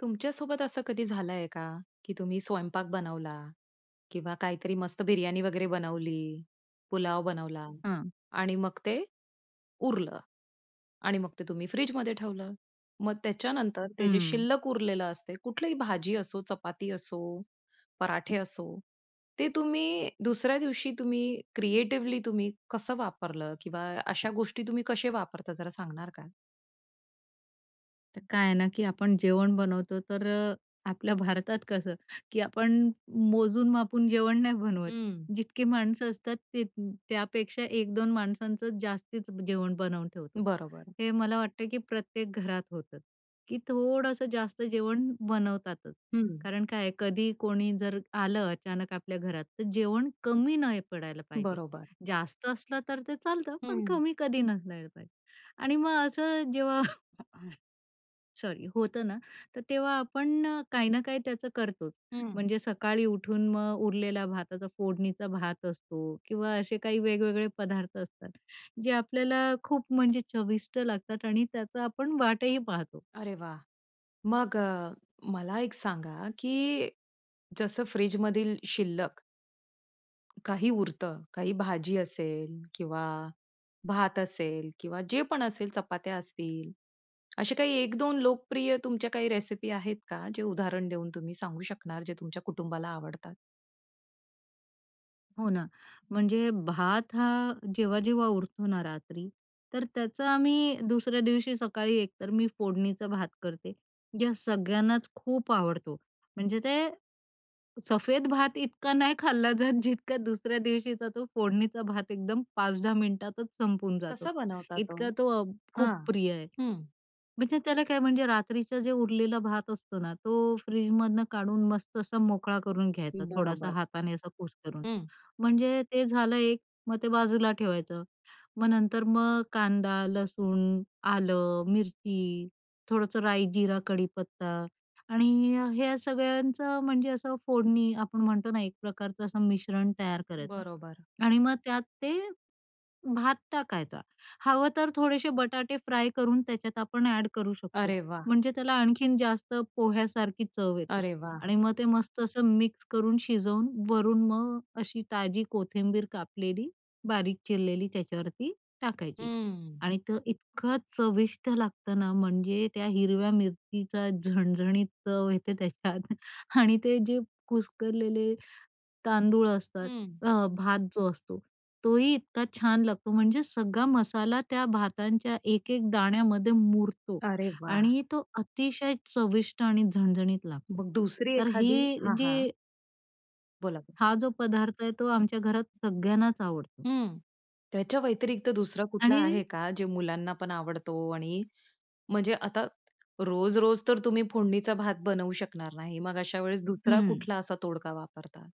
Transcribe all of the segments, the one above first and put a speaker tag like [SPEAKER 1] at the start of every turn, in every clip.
[SPEAKER 1] तुमच्या सोबत असं कधी झालंय का? की तुम्ही स्वयंपाक बनवला किंवा काहीतरी मस्त बिर्याणी वगैरे बनवली, पुलाव बनवला
[SPEAKER 2] हं.
[SPEAKER 1] आणि मग ते उरलं आणि मग ते तुम्ही फ्रिजमध्ये ठेवलं. मग त्याच्यानंतर ते जे
[SPEAKER 2] हं.
[SPEAKER 1] शिल्लक उरलेलं असते कुठलंही भाजी असो, चपाती असो, पराठे असो, ते तुम्ही दुसऱ्या दिवशी तुम्ही, क्रिएटिवली तुम्ही, कसं वापरलं? किंवा अशा गोष्टी तुम्ही कसे वापरता जरा सांगणार का?
[SPEAKER 2] तर काय आहे ना की आपण जेवण बनवतो तर आपल्या भारतात कसं की आपण मोजून-मापून जेवण नाही बनवत.
[SPEAKER 1] हं.
[SPEAKER 2] जितकी माणसं असतात ते त्यापेक्षा 1-2 माणसांचं जास्तीच जेवण बनवून ठेवतो.
[SPEAKER 1] बरोबर.
[SPEAKER 2] हे मला वाटतं की प्रत्येक घरात होतं की थोडंसं जास्त जेवण बनवतातच.
[SPEAKER 1] हं.
[SPEAKER 2] कारण काय आहे? कधी, कोणी जर आलं अचानक आपल्या घरात तर जेवण कमी नाही पडायला पाहिजे.
[SPEAKER 1] बरोबर.
[SPEAKER 2] जास्त असलं तर ते चालतं पण
[SPEAKER 1] हं.
[SPEAKER 2] कमी कधी नसायला पाहिजे. आणि मग असं जेव्हा सॉरी, होतं ना तर तेव्हा आपण अ, काही ना काही त्याचं करतोच.
[SPEAKER 1] हं.
[SPEAKER 2] म्हणजे सकाळी उठून मग उरलेला भाताचा, फोडणीचा भात असतो किंवा असे काही वेगवेगळे पदार्थ असतात. जे आपल्याला खूप म्हणजे चविष्ट लागतात आणि त्याचा आपण वाटही पाहतो.
[SPEAKER 1] अरे वाह! मग अ, मला एक सांगा की जसं फ्रिजमधील शिल्लक काही उरतं, काही भाजी असेल किंवा भात असेल किंवा जे पण असेल, चपात्या असतील, असे काही 1-2 लोकप्रिय तुमच्या काही रेसिपी आहेत का? जे उदाहरण देऊन तुम्ही सांगू शकणार, जे तुमच्या कुटुंबाला आवडतात?
[SPEAKER 2] हो ना, म्हणजे भात हा जेव्हा-जेव्हा उरतो ना रात्री तर त्याचा आम्ही दुसऱ्या दिवशी सकाळी एकतर मी फोडणीचा भात करते. या सगळ्यांनाच खूप आवडतो. म्हणजे ते सफेद भात इतका नाही खाल्ला जात जितका दुसऱ्या दिवशीचा तो फोडणीचा भात एकदम 5-10 मिनिटातच संपून जातो.
[SPEAKER 1] कसं बनवता तो?
[SPEAKER 2] इतका तो अ, खूप
[SPEAKER 1] हां,
[SPEAKER 2] प्रिय आहे.
[SPEAKER 1] हं.
[SPEAKER 2] म्हणजे त्याला काय म्हणजे रात्रीचं जे उरलेलं भात असतो ना तो फ्रीजमधुन काढून मस्त असा मोकळा करून घ्यायचा, थोडासा
[SPEAKER 1] बरोबर.
[SPEAKER 2] हाताने असा कुस्करून.
[SPEAKER 1] हं.
[SPEAKER 2] म्हणजे ते झालं एक, मग ते बाजूला ठेवायचं. मग नंतर मग कांदा, लसूण, आलं, मिरची, थोडंसं राई, जीरा, कडीपत्ता आणि अ, ह्या सगळ्यांचं म्हणजे असं फोडणी आपण म्हणतो ना एक प्रकारचं असं मिश्रण तयार करायचं
[SPEAKER 1] बरोबर.
[SPEAKER 2] आणि मग त्यात ते भात टाकायचा. हवं तर थोडेसे बटाटे फ्राय करून त्याच्यात आपण ॲड करू शकतो,
[SPEAKER 1] अरे वाह!
[SPEAKER 2] म्हणजे त्याला आणखीन जास्त पोह्यासारखी चव येते
[SPEAKER 1] अरे वाह!
[SPEAKER 2] आणि मग ते मस्त असं मिक्स करून शिजवून वरून मग अशी ताजी कोथिंबीर कापलेली, बारीक चिरलेली त्याच्यावरती टाकायची
[SPEAKER 1] हम्म.
[SPEAKER 2] आणि तो इतकं चविष्ट लागतं ना, म्हणजे त्या हिरव्या मिरचीचा झणझणीत चव येते त्याच्यात. आणि ते जे कुस्करलेले तांदूळ असतात,
[SPEAKER 1] हं.
[SPEAKER 2] अ, भात जो असतो, तोही इतका छान लागतो म्हणजे सगळा मसाला त्या भातांच्या एक-एक दाण्यामध्ये मुरतो
[SPEAKER 1] अरे वाह!
[SPEAKER 2] आणि तो अतिशय चविष्ट आणि झणझणीत लागतो.
[SPEAKER 1] मग दुसरी
[SPEAKER 2] तर
[SPEAKER 1] एखादी?
[SPEAKER 2] हे
[SPEAKER 1] हां, हां.
[SPEAKER 2] जे
[SPEAKER 1] बोला.
[SPEAKER 2] हा जो पदार्थ आहे तो आमच्या घरात सगळ्यांनाच आवडतो.
[SPEAKER 1] हं, त्याच्या वैतिरिक्त दुसरा कुठला
[SPEAKER 2] आणि
[SPEAKER 1] आहे का? जे मुलांना पण आवडतो आणि म्हणजे आता रोज-रोज तर तुम्ही फोडणीचा भात बनवू शकणार नाही. मग अशा वेळेस 2रा
[SPEAKER 2] हं.
[SPEAKER 1] कुठला असा तोडगा वापरता?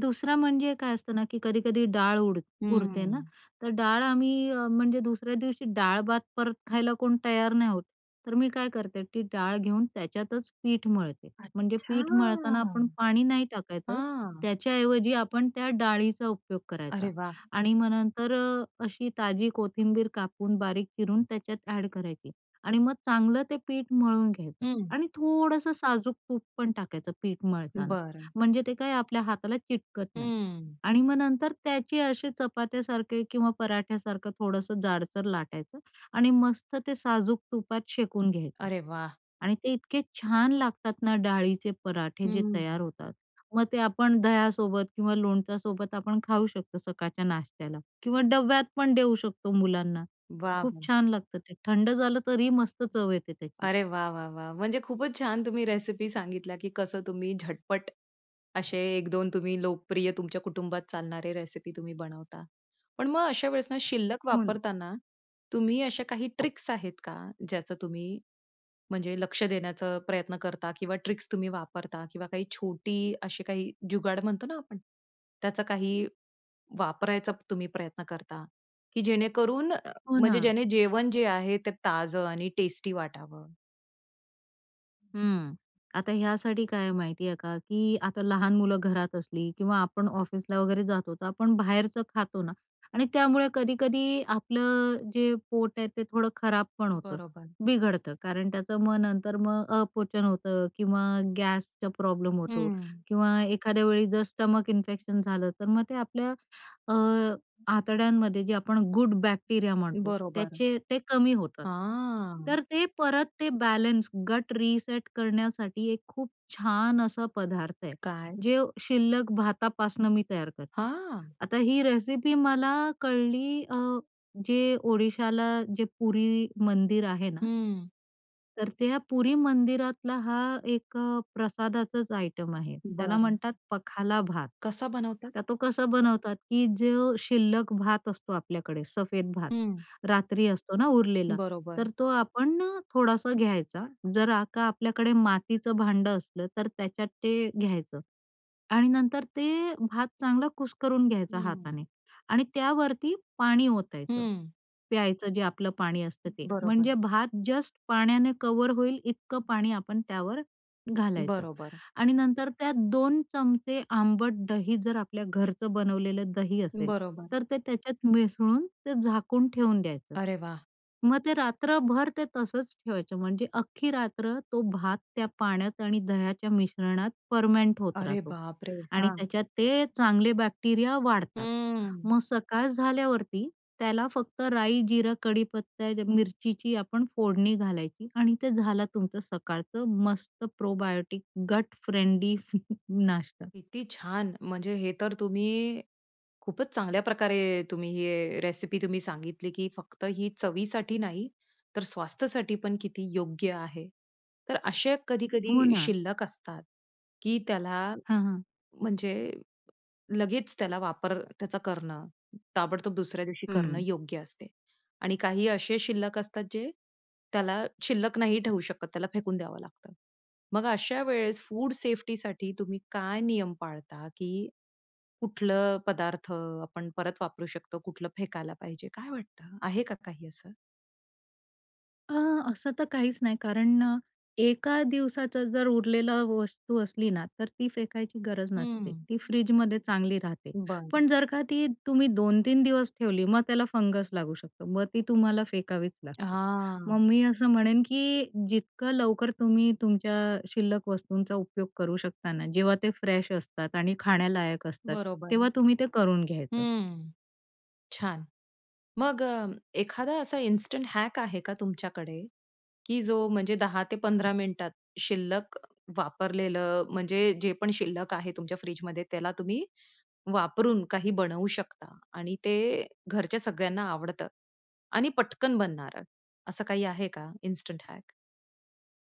[SPEAKER 2] 2रा म्हणजे काय असतं ना, की कधी-कधी डाळ उड उरते ना,
[SPEAKER 1] हम्म.
[SPEAKER 2] तर डाळ आम्ही अ, म्हणजे दुसऱ्या दिवशी डाळ-भात परत खायला कोण तयार नाही होत. तर मी काय करते, ती डाळ घेऊन त्याच्यातच पीठ मळते, म्हणजे
[SPEAKER 1] अच्छा!
[SPEAKER 2] पीठ मळताना आपण पाणी नाही टाकायचं,
[SPEAKER 1] हां.
[SPEAKER 2] त्याच्याऐवजी आपण त्या डाळीचा उपयोग करायचा
[SPEAKER 1] अरे वाह!
[SPEAKER 2] आणि मग नंतर अ, अशी ताजी कोथिंबीर कापून, बारीक चिरून त्याच्यात ॲड करायची आणि मग चांगलं ते पीठ मळून घ्यायचं
[SPEAKER 1] हं.
[SPEAKER 2] आणि थोडंसं साजूक तूप पण टाकायचं पीठ मळताना
[SPEAKER 1] बरं.
[SPEAKER 2] म्हणजे ते काय आपल्या हाताला चिटकत नाही
[SPEAKER 1] हम्म.
[SPEAKER 2] आणि मग नंतर त्याचे असे चपात्यासारखे किंवा पराठ्यासारखं थोडंसं जाडसर लाटायचं आणि मस्त ते साजूक तुपात शेकून घ्यायचं
[SPEAKER 1] अरे वाह!
[SPEAKER 2] आणि ते इतके छान लागतात ना, डाळीचे पराठे
[SPEAKER 1] हं,
[SPEAKER 2] जे तयार
[SPEAKER 1] हं.
[SPEAKER 2] होतात. मग ते आपण दह्यासोबत किंवा लोणच्यासोबत आपण खाऊ शकतो सकाळच्या नाश्त्याला किंवा डब्यात पण देऊ शकतो मुलांना. खूप
[SPEAKER 1] वाह!
[SPEAKER 2] छान लागतं ते. थंड झालं तरीही मस्त चव येते त्याची.
[SPEAKER 1] अरे वाह! वाह! वाह! म्हणजे खूपच छान तुम्ही रेसिपी सांगितल्या की कसं तुम्ही झटपट असे 1-2 तुम्ही लोकप्रिय तुमच्या कुटुंबात चालणारे रेसिपी तुम्ही बनवता. पण मग अशा वेळेस ना, शिल्लक
[SPEAKER 2] हो ना.
[SPEAKER 1] वापरताना तुम्ही अशा काही ट्रिक्स आहेत का ज्याचं तुम्ही म्हणजे लक्ष देण्याचं प्रयत्न करता? किंवा ट्रिक्स तुम्ही वापरता किंवा काही छोटी अशी काही जुगाड म्हणतो ना आपण, त्याचा काही वापरायचा तुम्ही प्रयत्न करता, की जेणेकरून अ
[SPEAKER 2] हो
[SPEAKER 1] म्हणजे
[SPEAKER 2] ना.
[SPEAKER 1] ज्याने जेवण जे आहे ते ताजं आणि टेस्टी वाटावं?
[SPEAKER 2] हम्म, आता यासाठी काय आहे माहिती आहे का, की आता लहान मुलं घरात असली किंवा आपण ऑफिसला वगैरे जातो, तर आपण बाहेरचं खातो ना. आणि त्यामुळे कधी-कधी आपलं जे पोट आहे ते थोडं खराब पण होतं.
[SPEAKER 1] बरोबर.
[SPEAKER 2] बिघडतं. कारण त्याचं मग नंतर मग अपचन होतं किंवा गॅसचा प्रॉब्लेम होतो
[SPEAKER 1] हम्म.
[SPEAKER 2] किंवा एखाद्या वेळी जर स्टमक इन्फेक्शन झालं, तर मग ते आपल्या अ, आतड्यांमध्ये जे आपण गुड बॅक्टेरिया म्हणतो.
[SPEAKER 1] बरोबर.
[SPEAKER 2] त्याचे ते कमी होतात.
[SPEAKER 1] हां.
[SPEAKER 2] तर ते परत ते बॅलन्स, गट रीसेट करण्यासाठी एक खूप छान असा पदार्थ आहे.
[SPEAKER 1] काय?
[SPEAKER 2] जे शिल्लक भातापासनं मी तयार करते.
[SPEAKER 1] हां.
[SPEAKER 2] आता ही रेसिपी मला कळली अ, जे ओडिशाला जे पुरी मंदिर आहे ना
[SPEAKER 1] हम्म.
[SPEAKER 2] तर त्या पुरी मंदिरातला हा एक अ, प्रसादाचंच आयटम आहे. त्याला
[SPEAKER 1] बरं.
[SPEAKER 2] म्हणतात पखाला भात.
[SPEAKER 1] कसा बनवतात?
[SPEAKER 2] तर तो कसा बनवतात की जो शिल्लक भात असतो आपल्याकडे, सफेद भात,
[SPEAKER 1] हं.
[SPEAKER 2] रात्री असतो ना उरलेला.
[SPEAKER 1] बरोबर.
[SPEAKER 2] तर तो आपण अ, थोडासा घ्यायचा. जर आ का आपल्याकडे मातीचं भांडं असलं, तर त्याच्यात ते घ्यायचं आणि नंतर ते भात चांगला कुस्करून
[SPEAKER 1] हं,
[SPEAKER 2] घ्यायचा
[SPEAKER 1] हं.
[SPEAKER 2] हाताने. आणि त्यावरती पाणी ओतायचं,
[SPEAKER 1] हं.
[SPEAKER 2] प्यायचं जे आपलं पाणी असतं ते.
[SPEAKER 1] बरोबर.
[SPEAKER 2] म्हणजे भात जस्ट पाण्याने कव्हर होईल इतकं पाणी आपण त्यावर घालायचं
[SPEAKER 1] बरोबर.
[SPEAKER 2] आणि नंतर त्यात दोन चमचे आंबट दही जर आपल्या घरचं बनवलेलं दही असेल,
[SPEAKER 1] बरोबर.
[SPEAKER 2] तर ते त्याच्यात मिसळून, ते झाकून ठेवून द्यायचं.
[SPEAKER 1] अरे वाह!
[SPEAKER 2] मग ते रात्रभर ते तसंच ठेवायचं म्हणजे अख्खी रात्र तो भात त्या पाण्यात आणि दह्याच्या मिश्रणात फर्मेंट होत
[SPEAKER 1] अरे
[SPEAKER 2] राहतो
[SPEAKER 1] बापरे!
[SPEAKER 2] आणि
[SPEAKER 1] हां.
[SPEAKER 2] त्याच्यात ते चांगले बॅक्टेरिया वाढतात.
[SPEAKER 1] हम्म.
[SPEAKER 2] मग सकाळ झाल्यावरती, त्याला फक्त राई, जीरा, कढीपत्ता, मिरचीची आपण फोडणी घालायची आणि ते झालं तुमचं सकाळचं मस्त प्रोबायोटिक गट फ्रेंडली नाश्ता.
[SPEAKER 1] किती छान! म्हणजे हे तर तुम्ही खूपच चांगल्या प्रकारे तुम्ही हे रेसिपी तुम्ही सांगितली की फक्त ही चवीसाठी नाही तर स्वास्थ्यसाठी पण किती योग्य आहे. तर असे
[SPEAKER 2] हो
[SPEAKER 1] कधी-कधी
[SPEAKER 2] ना.
[SPEAKER 1] शिल्लक असतात की त्याला
[SPEAKER 2] हां, हां.
[SPEAKER 1] म्हणजे लगेच त्याला वापर त्याचा करणं, ताबडतोब दुसऱ्या दिवशी करणं
[SPEAKER 2] हं.
[SPEAKER 1] योग्य असते. आणि काही असे शिल्लक असतात, जे त्याला शिल्लक नाही ठेवू शकत. त्याला फेकून द्यावं लागतं. मग अशा वेळेस फूड सेफ्टीसाठी तुम्ही काय नियम पाळता? की कुठलं पदार्थ आपण परत वापरू शकतो, कुठलं फेकायला पाहिजे, काय वाटतं? आहे का काही असं?
[SPEAKER 2] अ, असं तर काहीच नाही. कारण अ, एका दिवसाचं जर उरलेलं वस्तू असली ना, तर ती फेकायची गरज नसते,
[SPEAKER 1] हम्म.
[SPEAKER 2] ती फ्रिजमध्ये चांगली राहते.
[SPEAKER 1] बरं.
[SPEAKER 2] पण जर का ती तुम्ही 2-3 दिवस ठेवली, मग त्याला फंगस लागू शकतो. मग ती तुम्हाला फेकावीच लागते. मग
[SPEAKER 1] हां.
[SPEAKER 2] मी असं म्हणेन की जितकं लवकर तुम्ही तुमच्या शिल्लक वस्तूंचा उपयोग करू शकता ना, जेव्हा ते फ्रेश असतात आणि खाण्यालायक असतात.
[SPEAKER 1] बरोबर.
[SPEAKER 2] तेव्हा तुम्ही ते करून घ्यायचं.
[SPEAKER 1] हम्म. छान. मग अ, एखादा असा इन्स्टंट हॅक आहे का तुमच्याकडे की जो म्हणजे 10-15 मिनिटात, शिल्लक, वापरलेलं, म्हणजे जे पण शिल्लक आहे तुमच्या फ्रिजमध्ये त्याला तुम्ही वापरून काही बनवू शकता. आणि ते घरच्या सगळ्यांना आवडतं आणि पटकन बनणार, असं काही आहे का इन्स्टंट हॅक?